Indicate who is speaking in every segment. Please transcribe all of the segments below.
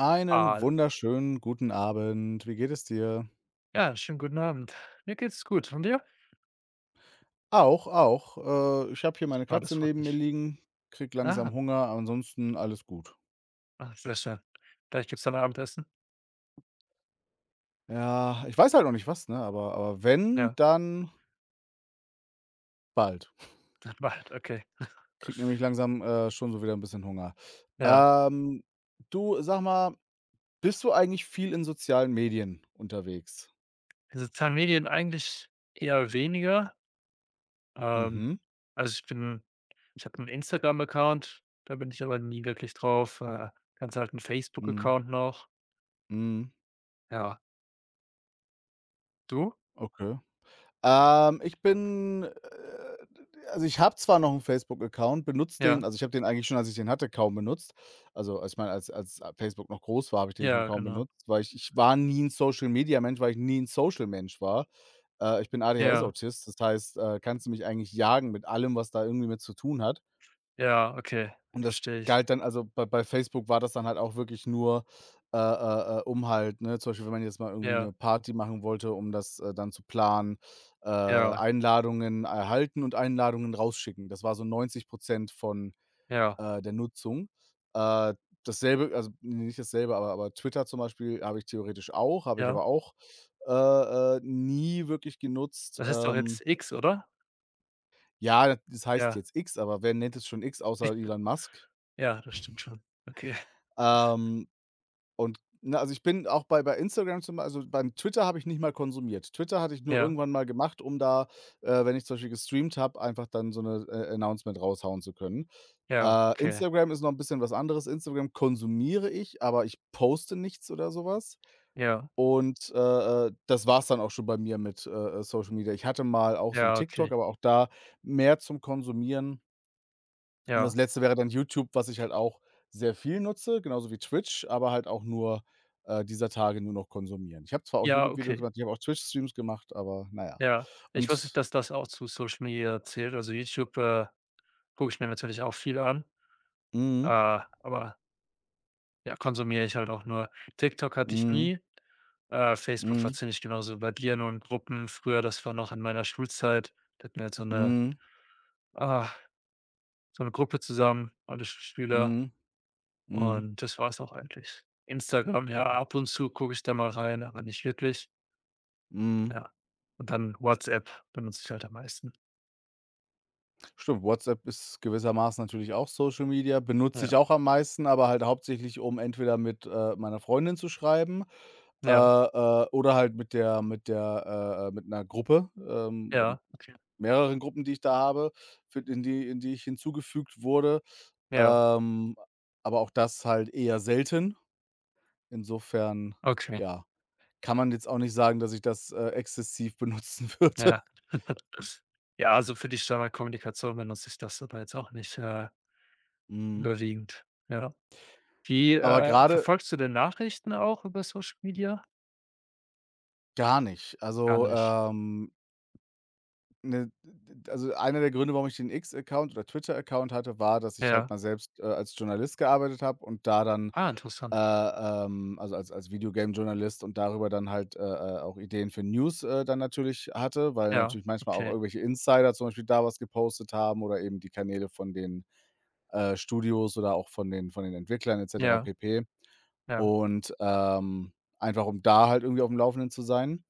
Speaker 1: Einen
Speaker 2: Al
Speaker 1: wunderschönen guten Abend. Wie geht es dir?
Speaker 2: Ja, schönen guten Abend. Mir geht's gut und dir?
Speaker 1: Auch, auch. Äh, ich habe hier meine
Speaker 2: Super, das
Speaker 1: Katze
Speaker 2: freut
Speaker 1: neben mir
Speaker 2: mich.
Speaker 1: liegen, kriege langsam
Speaker 2: Aha.
Speaker 1: Hunger. Ansonsten alles gut.
Speaker 2: Ach, sehr schön. Gleich gibt's dann Abendessen?
Speaker 1: Ja, ich weiß halt noch nicht, was, ne, aber aber wenn,
Speaker 2: Ja.
Speaker 1: dann bald.
Speaker 2: Das macht okay.
Speaker 1: Kriege nämlich langsam, äh, schon so wieder 'n bisschen Hunger.
Speaker 2: Ja.
Speaker 1: Ähm, du, sag mal, bist du eigentlich viel in sozialen Medien unterwegs?
Speaker 2: Die Sozialen Medien eigentlich eher weniger. Ähm,
Speaker 1: Mhm.
Speaker 2: also, ich bin ich habe 'n Instagram-Account, da bin ich aber nie wirklich drauf. Äh, ganz alten
Speaker 1: Mhm.
Speaker 2: Facebook-Account noch.
Speaker 1: Mhm.
Speaker 2: Ja. Du?
Speaker 1: Okay. Ähm, ich bin äh, d also, ich habe zwar noch 'n Facebook-Account, benutze den
Speaker 2: Ja.
Speaker 1: also, ich habe den eigentlich schon, als ich den hatte, kaum benutzt. Also, als meine als als Facebook noch groß war, habe ich den schon
Speaker 2: Ja,
Speaker 1: kaum
Speaker 2: genau.
Speaker 1: benutzt, weil ich ich war nie 'n Social-Media-Mensch, weil ich nie 'n Social-Mensch war. Äh, ich bin
Speaker 2: Ja.
Speaker 1: ADHS-Autist. Das heißt, äh, kannst du mich eigentlich jagen mit allem, was da irgendwie mit zu tun hat.
Speaker 2: Ja, okay,
Speaker 1: Und das
Speaker 2: verstehe ich.
Speaker 1: galt dann also, bei bei Facebook war das dann halt auch wirklich nur, äh, äh, äh, um halt, ne, zum Beispiel, wenn man jetzt mal irgendwie
Speaker 2: Ja.
Speaker 1: 'ne Party machen wollte, um das, äh, dann zu planen, äh,
Speaker 2: Ja.
Speaker 1: Einladungen erhalten und Einladungen rausschicken. Das war so 90 % von,
Speaker 2: Ja.
Speaker 1: äh, der Nutzung. Äh, dasselbe also, n nicht dasselbe, aber aber Twitter zum Beispiel habe ich theoretisch auch, habe ich
Speaker 2: Ja.
Speaker 1: aber auch, äh, äh, nie wirklich genutzt,
Speaker 2: Das ist doch
Speaker 1: ähm
Speaker 2: jetzt X, oder?
Speaker 1: Ja, da das heißt
Speaker 2: Ja.
Speaker 1: jetzt X, aber wer nennt es schon X
Speaker 2: Ja,
Speaker 1: außer Elon Musk?
Speaker 2: ja, das stimmt schon. Okay. [unintelligible]
Speaker 1: Ähm, und ne, also, ich bin auch bei bei Instagram zum Bei also, beim Twitter habe ich nicht mal konsumiert. Twitter hatte ich nur
Speaker 2: Ja.
Speaker 1: irgendwann mal gemacht, um da, äh, wenn ich zum Beispiel gestreamt habe, einfach dann so 'ne äh, announcement raushauen zu können.
Speaker 2: Ja,
Speaker 1: Äh,
Speaker 2: okay.
Speaker 1: Instagram ist noch 'n bisschen was anderes. Instagram konsumiere ich, aber ich poste nichts oder so was
Speaker 2: Ja.
Speaker 1: und, äh, äh, das war's dann auch schon bei mir mit, äh, äh, Social Media. Ich hatte mal auch so 'n
Speaker 2: Ja,
Speaker 1: TikTok,
Speaker 2: okay.
Speaker 1: aber auch da mehr zum Konsumieren. Und
Speaker 2: Ja.
Speaker 1: das Letzte wäre dann YouTube, was ich halt auch sehr viel nutze, genauso wie Twitch, aber halt auch nur äh, dieser Tage nur noch konsumieren. Ich habe zwar auch
Speaker 2: Ja,
Speaker 1: YouTube-Videos
Speaker 2: okay.
Speaker 1: gemacht, ich habe auch Twitch-Streams gemacht, aber na ja.
Speaker 2: Ja, ich wusste nicht,
Speaker 1: Und
Speaker 2: dass das auch zu Social Media zählt. Also, YouTube, äh, gucke ich mir natürlich auch viel an, äh,
Speaker 1: Mhm.
Speaker 2: aber ja, konsumiere ich halt auch nur. TikTok hatte ich
Speaker 1: Mhm.
Speaker 2: nie. Äh, Facebook war
Speaker 1: Mhm.
Speaker 2: ziemlich genauso wie bei dir, nur in Gruppen. Früher, das war noch in meiner Schulzeit, da hatten wir halt so 'ne
Speaker 1: Mhm.
Speaker 2: ah, so 'ne Gruppe zusammen, alle Schüler
Speaker 1: Mhm, mhm.
Speaker 2: und das war es auch eigentlich. Instagram, ja, ab und zu gucke ich da mal rein, aber nicht wirklich.
Speaker 1: Mhm.
Speaker 2: Ja und dann WhatsApp, benutze ich halt am meisten.
Speaker 1: Stimmt, WhatsApp ist gewissermaßen natürlich auch Social Media. Benutze ich
Speaker 2: Ja.
Speaker 1: auch am meisten, aber halt hauptsächlich, um entweder mit, äh, meiner Freundin zu schreiben, äh,
Speaker 2: Ja.
Speaker 1: äh, oder halt mit der mit der äh, äh, mit 'ner Gruppe ähm, oder mit
Speaker 2: Ja. Okay.
Speaker 1: mehreren Gruppen, die ich da habe, fü in die in die ich hinzugefügt wurde.
Speaker 2: Ja.
Speaker 1: Ähm, aber auch das halt eher selten. Insofern
Speaker 2: Okay.
Speaker 1: ja, kann man jetzt auch nicht sagen, dass ich, äh, das exzessiv benutzen würde.
Speaker 2: Ja, ja, also, für die Standardkommunikation benutze ich das aber jetzt auch nicht, äh
Speaker 1: Mhm.
Speaker 2: überwiegend, ja. Wie
Speaker 1: Aber
Speaker 2: äh,
Speaker 1: grade
Speaker 2: verfolgst du denn Nachrichten auch über Social Media?
Speaker 1: Gar nicht.
Speaker 2: Gar
Speaker 1: Also,
Speaker 2: nicht.
Speaker 1: ähm ne, d d also, einer der Gründe, warum ich den X-Account oder Twitter-Account hatte, war, dass ich halt
Speaker 2: Ja.
Speaker 1: mal selbst, äh, als Journalist gearbeitet habe und da dann,
Speaker 2: Ah
Speaker 1: äh,
Speaker 2: interessant.
Speaker 1: ähm, also, als als Video-Game-Journalist und darüber dann halt, äh, äh, auch Ideen für News, äh, dann natürlich hatte, weil
Speaker 2: Ja,
Speaker 1: natürlich manchmal au ch
Speaker 2: okay.
Speaker 1: irgendwelche Insider zum Beispiel da was gepostet haben oder eben die Kanäle von den, äh, Studios oder auch von den von den Entwicklern et cetera
Speaker 2: Ja.
Speaker 1: pp.
Speaker 2: Ja.
Speaker 1: und, ähm, einfach um da halt irgendwie aufm Laufenden zu sein.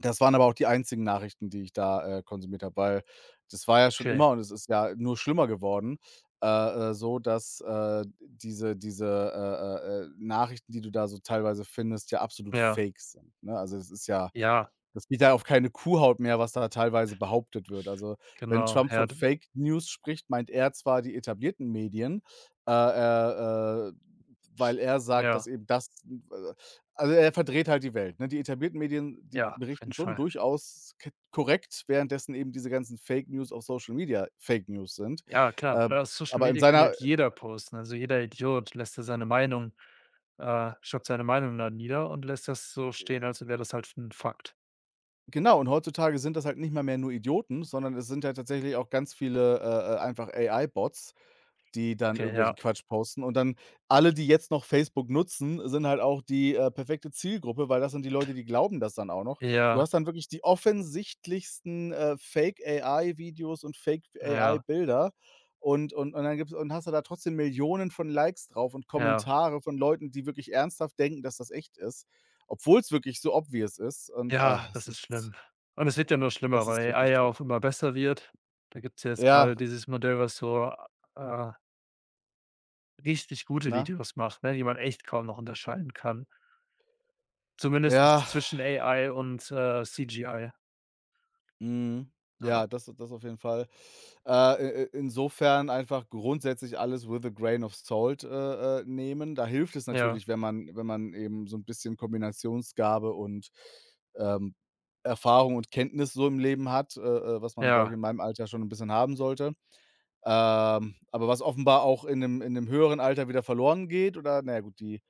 Speaker 1: Das waren aber auch die einzigen Nachrichten, die ich da, äh, konsumiert habe, weil das war ja schon
Speaker 2: Okay.
Speaker 1: immer und es ist ja nur schlimmer geworden, äh, äh, so dass, äh, diese diese, äh, äh, äh, Nachrichten, die du da so teilweise findest, ja absolut
Speaker 2: Ja.
Speaker 1: Fake sind, ne? Also, es ist ja
Speaker 2: Ja.
Speaker 1: es geht da auf keine Kuhhaut mehr, was da teilweise behauptet wird. Also, wenn
Speaker 2: Genau,
Speaker 1: Trump von
Speaker 2: Herden.
Speaker 1: „Fake-News“ spricht, meint er zwar die etablierten Medien, äh, äh, äh, weil er sagt,
Speaker 2: Ja.
Speaker 1: dass eben das n w äh, also, er verdreht halt die Welt, ne? Die etablierten Medien, die
Speaker 2: Ja, auf jeden
Speaker 1: berichten schon
Speaker 2: Fall.
Speaker 1: durchaus ke korrekt, währenddessen eben diese ganzen Fake-News auf Social Media Fake-News sind.
Speaker 2: Ja, klar.
Speaker 1: Äh,
Speaker 2: Weil auf Social
Speaker 1: aber in
Speaker 2: Media kann
Speaker 1: seiner
Speaker 2: halt jeder posten. Also, jeder Idiot lässt da seine Meinung äh, schreibt seine Meinung dann nieder und lässt das so stehen,
Speaker 1: Äh
Speaker 2: als wäre das halt 'n Fakt.
Speaker 1: Genau, und heutzutage sind das halt nicht mal mehr nur Idioten, sondern es sind ja tatsächlich auch ganz viele, äh, äh, einfach AI-Bots, die dann
Speaker 2: Okay,
Speaker 1: irgendwelchen
Speaker 2: ja.
Speaker 1: Quatsch posten. Und dann alle, die jetzt noch Facebook nutzen, sind halt auch die, äh, perfekte Zielgruppe, weil das sind die Leute, die glauben das dann auch noch. Du
Speaker 2: Ja.
Speaker 1: hast dann wirklich die offensichtlichsten, äh, Fake-AI-Videos und
Speaker 2: Ja.
Speaker 1: Fake-AI-Bilder und und und dann gibt's und hast du da trotzdem Millionen von Likes drauf und
Speaker 2: Ja.
Speaker 1: Kommentare von Leuten, die wirklich ernsthaft denken, dass das echt ist, obwohl's wirklich so obvious ist. Und,
Speaker 2: Ja,
Speaker 1: es
Speaker 2: das ist
Speaker 1: ist
Speaker 2: schlimm. Und es wird ja nur schlimmer,
Speaker 1: es ist
Speaker 2: weil
Speaker 1: wirklich
Speaker 2: AI ja
Speaker 1: schlimm.
Speaker 2: auch immer besser wird. Da gibt's ja jetzt
Speaker 1: Ja.
Speaker 2: gerade dieses Modell, was so, a äh richtig gute
Speaker 1: Na?
Speaker 2: Videos macht, ne, die man echt kaum noch unterscheiden kann, zumindest nichts
Speaker 1: Ja.
Speaker 2: zwischen AI und, äh, CGI.
Speaker 1: Mhm.
Speaker 2: Na ja.
Speaker 1: Ja, das das auf jeden Fall. Äh, äh, äh, insofern einfach grundsätzlich alles with a grain of salt, äh, äh, nehmen. Da hilft es
Speaker 2: Ja.
Speaker 1: natürlich, wenn man wenn man eben so 'n bisschen Kombinationsgabe und, ähm, Erfahrung und Kenntnis so im Leben hat, äh, äh, was man, glaube ich,
Speaker 2: Ja.
Speaker 1: in meinem Alter schon 'n bisschen haben sollte, ähm, aber was offenbar auch in 'nem in 'nem höheren Alter wieder verloren geht oder, na ja gut, die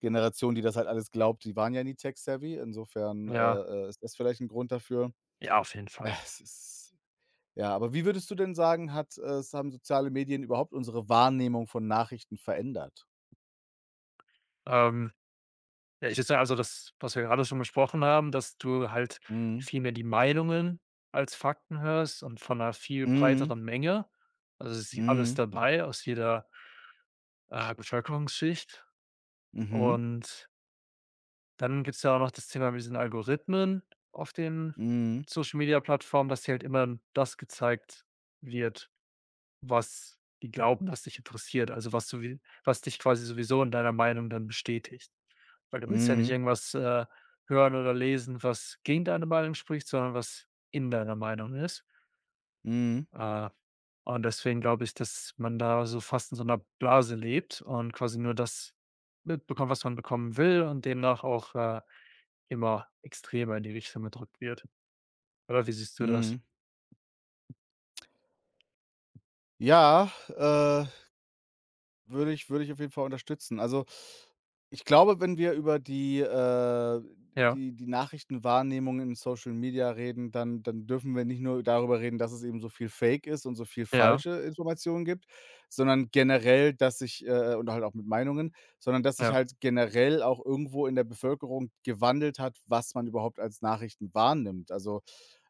Speaker 1: Generation, die das halt alles glaubt, die waren ja nie tech-savvy, insofern, äh,
Speaker 2: Ja.
Speaker 1: äh, ist das vielleicht 'n Grund dafür.
Speaker 2: Ja, auf jeden Fall.
Speaker 1: Es ist ja, aber wie würdest du denn sagen, hat äh, es haben soziale Medien überhaupt unsere Wahrnehmung von Nachrichten verändert?
Speaker 2: Ähm, wenn ich jetzt ja, also, das, was wir grade schon besprochen haben, dass du halt
Speaker 1: Mhm.
Speaker 2: viel mehr die Meinungen als Fakten hörst und von 'ner viel
Speaker 1: Mhm.
Speaker 2: breiteren Menge. Also, dass hier alles
Speaker 1: Mhm.
Speaker 2: dabei, aus jeder, äh, Bevölkerungsschicht.
Speaker 1: Mhm.
Speaker 2: Und dann gibt's ja auch noch das Thema mit diesen Algorithmen auf den
Speaker 1: Mhm.
Speaker 2: Social-Media-Plattformen, dass dir halt immer n das gezeigt wird, was die glauben, was dich interessiert. Also, was du wie was dich quasi sowieso in deiner Meinung dann bestätigt. Weil du willst ja nicht
Speaker 1: Mhm.
Speaker 2: irgendwas, äh, hören oder lesen, was gegen deine Meinung spricht, sondern was in deiner Meinung ist.
Speaker 1: Mhm.
Speaker 2: Äh, und deswegen glaube ich, dass man da so fast in so 'ner Blase lebt und quasi nur das mitbekommt, was man bekommen will und demnach auch, äh, immer extremer in die Richtung gedrückt wird. Oder wie siehst du das?
Speaker 1: Mhm. Ja. Äh, würde ich würde ich auf jeden Fall unterstützen. Also, ich glaube, wenn wir über die, äh
Speaker 2: Ja.
Speaker 1: die die Nachrichtenwahrnehmung in Social Media reden, dann dann dürfen wir nicht nur darüber reden, dass es eben so viel fake ist und so viel
Speaker 2: Ja.
Speaker 1: falsche Informationen gibt, sondern generell, dass sich, äh, äh oder halt auch mit Meinungen sondern dass sich
Speaker 2: Ja.
Speaker 1: halt generell auch irgendwo in der Bevölkerung gewandelt hat, was man überhaupt als Nachrichten wahrnimmt. Also,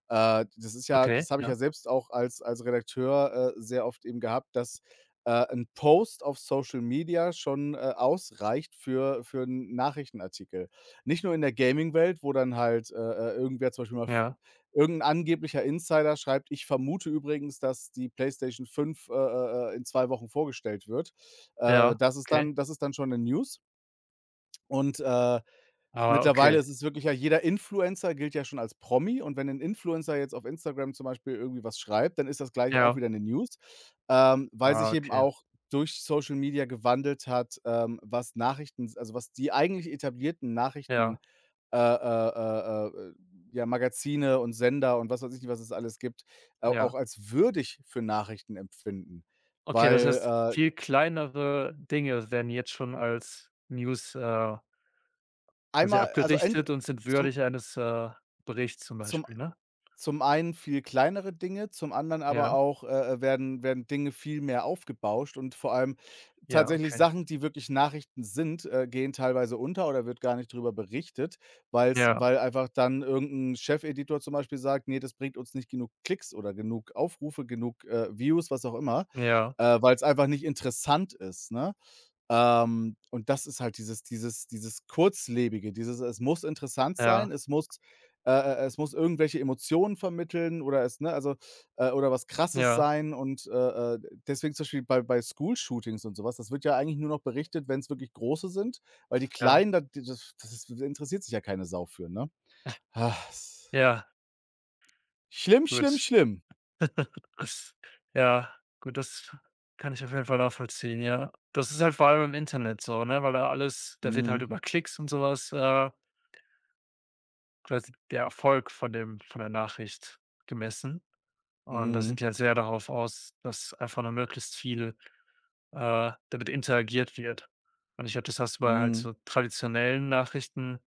Speaker 1: äh, das ist ja
Speaker 2: Okay,
Speaker 1: das habe ich
Speaker 2: ja.
Speaker 1: ja selbst auch als als Redakteur, äh, sehr oft eben gehabt, dass, äh, 'n Post auf Social Media schon, äh, ausreicht für für 'n Nachrichtenartikel. Nicht nur in der Gaming-Welt, wo dann halt, äh, äh, irgendwer zum Beispiel mal f
Speaker 2: Ja.
Speaker 1: irgend 'n angeblicher Insider schreibt: „Ich vermute übrigens, dass die Playstation 5, äh, äh, äh, in 2 Wochen vorgestellt wird.“ Äh,
Speaker 2: Ja,
Speaker 1: das ist
Speaker 2: okay.
Speaker 1: dann das ist dann schon 'ne News. Und, äh,
Speaker 2: Ah,
Speaker 1: mittlerweile
Speaker 2: okay.
Speaker 1: ist es wirklich ja, jeder Influencer gilt ja schon als Promi. Und wenn 'n Influencer jetzt auf Instagram zum Beispiel irgendwie was schreibt, dann ist das gleich auch
Speaker 2: Ja.
Speaker 1: wieder 'ne News. Ähm, weil
Speaker 2: Ah,
Speaker 1: sich eben
Speaker 2: okay.
Speaker 1: auch durch Social Media gewandelt hat, ähm, was Nachrichten s also, was die eigentlich etablierten Nachrichten,
Speaker 2: Ja.
Speaker 1: äh, äh, äh, äh, äh, ja, Magazine und Sender und was weiß ich nicht, was es alles gibt, au
Speaker 2: Ja.
Speaker 1: auch als würdig für Nachrichten empfinden.
Speaker 2: Okay. Das heißt,
Speaker 1: Weil, äh
Speaker 2: viel kleinere Dinge werden jetzt schon als News, äh quasi
Speaker 1: einmal also, ent
Speaker 2: abgerichtet und sind
Speaker 1: zum
Speaker 2: würdig eines, äh, Berichtes zum
Speaker 1: zum
Speaker 2: Beispiel, ne?
Speaker 1: zum einen viel kleinere Dinge, zum anderen aber
Speaker 2: Ja.
Speaker 1: auch, äh, äh, werden werden Dinge viel mehr aufgebauscht. Und vor allem
Speaker 2: Ja,
Speaker 1: tatsächlich
Speaker 2: okay.
Speaker 1: Sachen, die wirklich Nachrichten sind, äh, gehen teilweise unter oder wird gar nicht drüber berichtet, weil's
Speaker 2: Ja.
Speaker 1: weil einfach dann irgend 'n Chefeditor zum Beispiel sagt: „Ne, das bringt uns nicht genug Klicks oder genug Aufrufe, genug, äh, Views“, was auch immer,
Speaker 2: Ja.
Speaker 1: äh, weil's einfach nicht interessant ist, ne? Ähm, und das ist halt dieses dieses dieses Kurzlebige, dieses: „Es muss interessant sein.
Speaker 2: Ja.
Speaker 1: Es muss, äh, äh, äh es muss irgendwelche Emotionen vermitteln oder es ne, also, äh oder was Krasses
Speaker 2: Ja.
Speaker 1: sein.“ Und, äh, äh, deswegen zum Beispiel bei bei School-Shootings und so was, das wird ja eigentlich nur noch berichtet, wenn's wirklich große sind, weil die
Speaker 2: Ja.
Speaker 1: kleinen, da, die das das interessiert sich ja keine Sau für, ne? S
Speaker 2: Ja.
Speaker 1: Schlimm, schlimm,
Speaker 2: Gut.
Speaker 1: schlimm.
Speaker 2: Ja, gut, das kann ich auf jeden Fall nachvollziehen, ja. Das ist halt vor allem im Internet so, ne? Weil da alles da wird halt
Speaker 1: Mhm.
Speaker 2: über Klicks und so was, äh quasi der Erfolg von dem von der Nachricht gemessen. Und da
Speaker 1: Mhm.
Speaker 2: sind die halt sehr darauf aus, dass einfach nur möglichst viel, äh, damit interagiert wird. Und ich glaube, das hast du bei halt
Speaker 1: Mhm.
Speaker 2: so traditionellen Nachrichten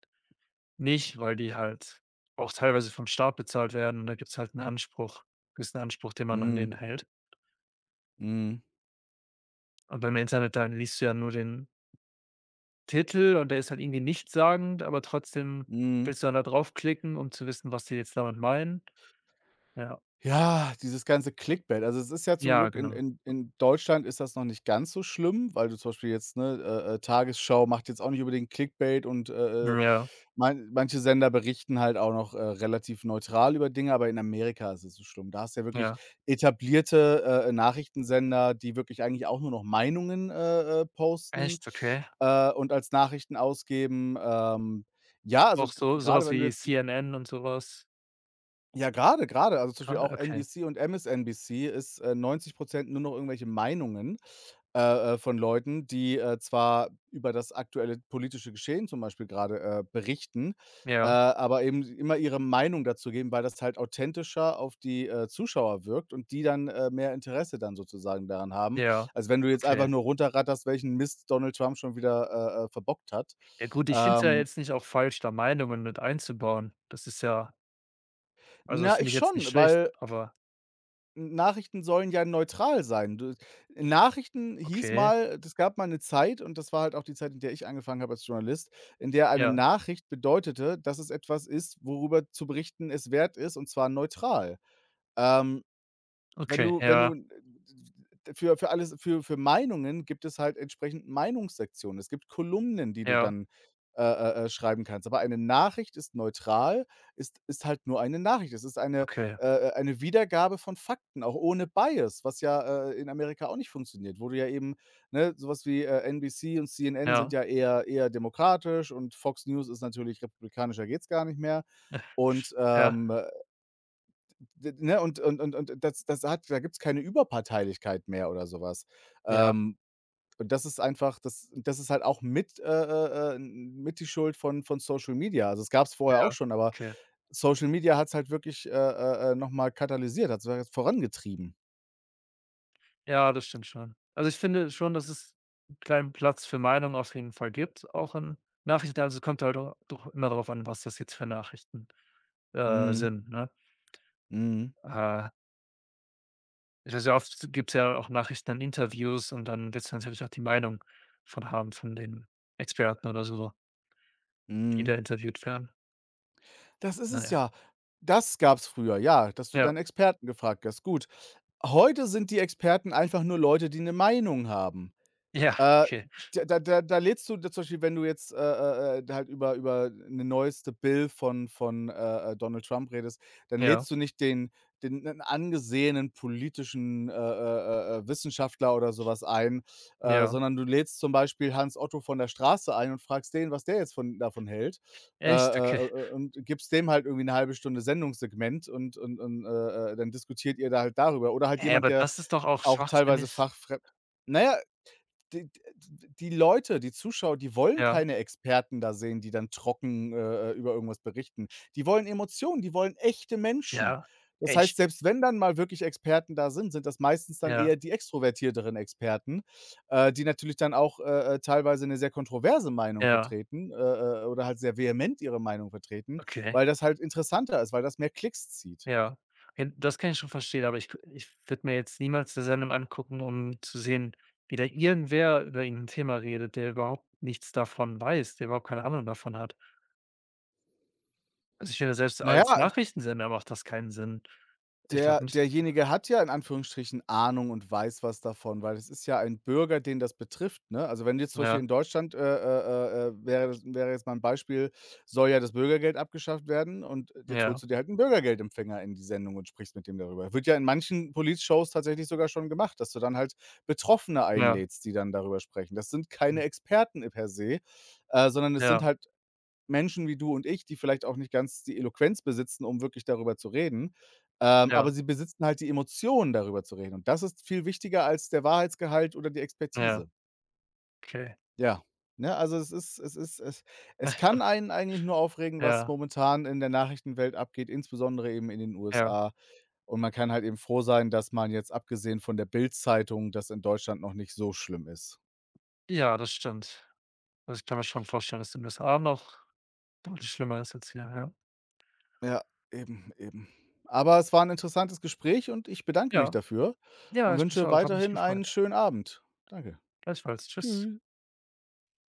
Speaker 2: nicht, weil die halt auch teilweise vom Staat bezahlt werden und da gibt's halt 'n Anspruch gibt's 'n Anspruch, den man an
Speaker 1: Mhm.
Speaker 2: den hält.
Speaker 1: Mhm.
Speaker 2: Und beim Internet, da liest du ja nur den Titel und der ist halt irgendwie nichtssagend, aber trotzdem
Speaker 1: Mhm.
Speaker 2: willst du dann da draufklicken, um zu wissen, was die jetzt damit meinen, ja.
Speaker 1: Ja, dieses ganze Clickbait. Also, es ist ja zum
Speaker 2: Ja,
Speaker 1: Glück in
Speaker 2: genau.
Speaker 1: in in Deutschland ist das noch nicht ganz so schlimm, weil du zum Beispiel jetzt, ne, äh, äh, Tagesschau macht jetzt auch nicht unbedingt Clickbait und, äh, äh,
Speaker 2: Hm, ja.
Speaker 1: man manche Sender berichten halt auch noch, äh, relativ neutral über Dinge, aber in Amerika ist es so schlimm. Da hast du ja wirklich
Speaker 2: Ja.
Speaker 1: etablierte, äh, Nachrichtensender, die wirklich eigentlich auch nur noch Meinungen, äh, äh, posten,
Speaker 2: Echt? Okay.
Speaker 1: äh, und als Nachrichten ausgeben, ähm. Ja, also,
Speaker 2: Auch
Speaker 1: gra
Speaker 2: so so
Speaker 1: grade
Speaker 2: was
Speaker 1: wenn du
Speaker 2: wie
Speaker 1: jetzt m
Speaker 2: CNN und so was.
Speaker 1: Ja, grade grade, also, zum Beispiel
Speaker 2: Grade,
Speaker 1: auch
Speaker 2: okay.
Speaker 1: NBC und MSNBC ist, äh, 90 % nur noch irgendwelche Meinungen, äh, äh, von Leuten, die, äh, zwar über das aktuelle politische Geschehen zum Beispiel grade, äh, berichten, äh,
Speaker 2: Ja.
Speaker 1: aber eben immer ihre Meinung dazu geben, weil das halt authentischer auf die, äh, Zuschauer wirkt und die dann, äh, mehr Interesse dann sozusagen daran haben,
Speaker 2: Ja,
Speaker 1: als wenn du jetzt einfach
Speaker 2: okay.
Speaker 1: nur runter ratterst, welchen Mist Donald Trump schon wieder, äh, äh, verbockt hat.
Speaker 2: Äh, gut, ich finde es ja
Speaker 1: Ähm
Speaker 2: jetzt nicht auch falsch, da Meinungen mit einzubauen. Das ist ja also, das
Speaker 1: Na,
Speaker 2: finde
Speaker 1: ich
Speaker 2: ich jetzt nicht
Speaker 1: schon,
Speaker 2: schlecht,
Speaker 1: weil
Speaker 2: aber
Speaker 1: N Nachrichten sollen ja neutral sein. Du Nachrichten hieß
Speaker 2: Okay.
Speaker 1: mal es gab mal 'ne Zeit und das war halt auch die Zeit, in der ich angefangen habe als Journalist, in der eine
Speaker 2: Ja.
Speaker 1: Nachricht bedeutete, dass es etwas ist, worüber zu berichten es wert ist, und zwar neutral. Ähm, wenn
Speaker 2: Okay,
Speaker 1: du wenn du,
Speaker 2: ja.
Speaker 1: äh, für für alles für für Meinungen gibt es halt entsprechend Meinungssektionen. Es gibt Kolumnen, die du
Speaker 2: Ja.
Speaker 1: dann, äh, äh, äh, schreiben kannst. Aber eine Nachricht ist neutral, ist ist halt nur eine Nachricht. Es ist eine,
Speaker 2: Okay.
Speaker 1: äh, äh, eine Wiedergabe von Fakten, auch ohne Bias, was ja, äh, in Amerika auch nicht funktioniert, wo du ja eben Ne, sowas wie, äh, NBC und CNN sind
Speaker 2: Ja.
Speaker 1: ja eher eher demokratisch und Fox News ist natürlich republikanischer geht's gar nicht mehr. Und,
Speaker 2: Sch ja.
Speaker 1: ähm d ne? Und und und und das das hat da gibt's keine Überparteilichkeit mehr oder sowas.
Speaker 2: Ja.
Speaker 1: Ähm, und das ist einfach das und das ist halt auch mit äh, äh, äh, n n mit die Schuld von von Social Media. Also das gab's vorher auch
Speaker 2: Ja,
Speaker 1: schon, aber
Speaker 2: okay.
Speaker 1: Social Media hat's halt wirklich, äh, äh, äh, noch mal katalysiert, hat's halt jetzt vorangetrieben.
Speaker 2: Ja, das stimmt schon. Also, ich finde schon, dass es 'n kleinen Platz für Meinungen auf jeden Fall gibt, auch in Nachrichten, also, es kommt halt a doch immer darauf an, was das jetzt für Nachrichten, äh,
Speaker 1: Mhm.
Speaker 2: sind, ne?
Speaker 1: Mhm.
Speaker 2: Äh. Se sehr oft gibt's ja auch Nachrichten an Interviews und dann wird's natürlich auch die Meinung von haben von den Experten oder so so die
Speaker 1: Mhm.
Speaker 2: da interviewt werden.
Speaker 1: Das ist
Speaker 2: Na
Speaker 1: es
Speaker 2: ja.
Speaker 1: ja. Das gab's früher, ja, dass du
Speaker 2: Ja.
Speaker 1: dann Experten gefragt hast, gut. Heute sind die Experten einfach nur Leute, die 'ne Meinung haben,
Speaker 2: Ja,
Speaker 1: äh,
Speaker 2: okay.
Speaker 1: da da da da lädst du zum Beispiel, wenn du jetzt, äh, äh, äh, halt über über 'ne neueste Bill von von, äh, äh, Donald Trump redest, dann
Speaker 2: Ja.
Speaker 1: lädst du nicht den den 'nen angesehenen politischen, äh, äh, äh, äh, Wissenschaftler oder so was ein, äh,
Speaker 2: Ja.
Speaker 1: sondern du lädst zum Beispiel Hans Otto von der Straße ein und fragst den, was der jetzt von davon hält, äh,
Speaker 2: Echt?
Speaker 1: äh,
Speaker 2: Okay.
Speaker 1: äh, äh, und gibst dem halt irgendwie 'ne halbe Stunde Sendungssegment und und und, äh, äh, dann diskutiert ihr da halt darüber. Oder halt
Speaker 2: Hä,
Speaker 1: jemand,
Speaker 2: aber
Speaker 1: der
Speaker 2: das ist doch auch
Speaker 1: auch teilweise
Speaker 2: schwachsinnig.
Speaker 1: fachfremd na ja, die d, äh, d die Leute, die Zuschauer, die wollen
Speaker 2: Ja.
Speaker 1: keine Experten da sehen, die dann trocken, äh, äh, über irgendwas berichten. Die wollen Emotionen, die wollen echte Menschen.
Speaker 2: Ja,
Speaker 1: Das heißt,
Speaker 2: echt.
Speaker 1: selbst wenn dann mal wirklich Experten da sind, sind das meistens dann
Speaker 2: Ja.
Speaker 1: eher die extrovertierteren Experten, äh, die natürlich dann auch, äh, äh, teilweise 'ne sehr kontroverse Meinung
Speaker 2: Ja.
Speaker 1: vertreten, äh, äh, äh, oder halt sehr vehement ihre Meinung vertreten,
Speaker 2: Okay.
Speaker 1: weil das halt interessanter ist, weil das mehr Klicks zieht.
Speaker 2: Ja, hin das kann ich schon verstehen, aber ich k ich würde mir jetzt niemals 'ne Sendung angucken, um zu sehen, wie da irgendwer über irgend 'n Thema redet, der überhaupt nichts davon weiß, der überhaupt keine Ahnung davon hat. Also ich finde, selbst
Speaker 1: Na ja
Speaker 2: als Nachrichtensender macht das keinen Sinn. Ich
Speaker 1: der
Speaker 2: glaube nicht,
Speaker 1: derjenige hat ja in
Speaker 2: ah.
Speaker 1: Anführungsstrichen Ahnung und weiß was davon, weil es ist ja ein Bürger, den das betrifft, ne? Also wenn du jetzt zum Beispiel
Speaker 2: Ja.
Speaker 1: in Deutschland, äh, äh, äh wäre das wäre jetzt mal 'n Beispiel soll ja das Bürgergeld abgeschafft werden und jetzt
Speaker 2: Ja.
Speaker 1: holst du dir halt 'n Bürgergeldempfänger in die Sendung und sprichst mit dem darüber. Wird ja in manchen Politshows tatsächlich sogar schon gemacht, dass du dann halt Betroffene
Speaker 2: Ja.
Speaker 1: einlädst, die dann darüber sprechen. Das sind
Speaker 2: Hm.
Speaker 1: keine Experten per se, äh, sondern es sind
Speaker 2: Ja.
Speaker 1: halt Menschen wie du und ich, die vielleicht auch nicht ganz die Eloquenz besitzen, um wirklich darüber zu reden. Ähm, aber
Speaker 2: Ja.
Speaker 1: sie besitzen halt die Emotionen, darüber zu reden. Und das ist viel wichtiger als der Wahrheitsgehalt oder die
Speaker 2: Ja.
Speaker 1: Expertise.
Speaker 2: Okay.
Speaker 1: Ja, ne, also es ist es ist es es kann einen eigentlich nur aufregen, was
Speaker 2: Ja.
Speaker 1: momentan in der Nachrichtenwelt abgeht, insbesondere eben in den
Speaker 2: Ja.
Speaker 1: USA. Und man kann halt eben froh sein, dass man, jetzt abgesehen von der Bildzeitung das in Deutschland noch nicht so schlimm ist.
Speaker 2: Ja, das stimmt. Also ich kann mir schon vorstellen, dass in den USA noch deutlich schlimmer ist als hier, ja.
Speaker 1: Ja, eben, eben. Aber es war 'n interessantes Gespräch und ich bedanke mich
Speaker 2: Ja,
Speaker 1: dafür
Speaker 2: ja
Speaker 1: und
Speaker 2: ich mich
Speaker 1: wünsche
Speaker 2: auch, hat mich
Speaker 1: weiterhin einen
Speaker 2: gefreut.
Speaker 1: schönen Abend. Danke.
Speaker 2: Gleichfalls, tschüss.
Speaker 1: Tschü.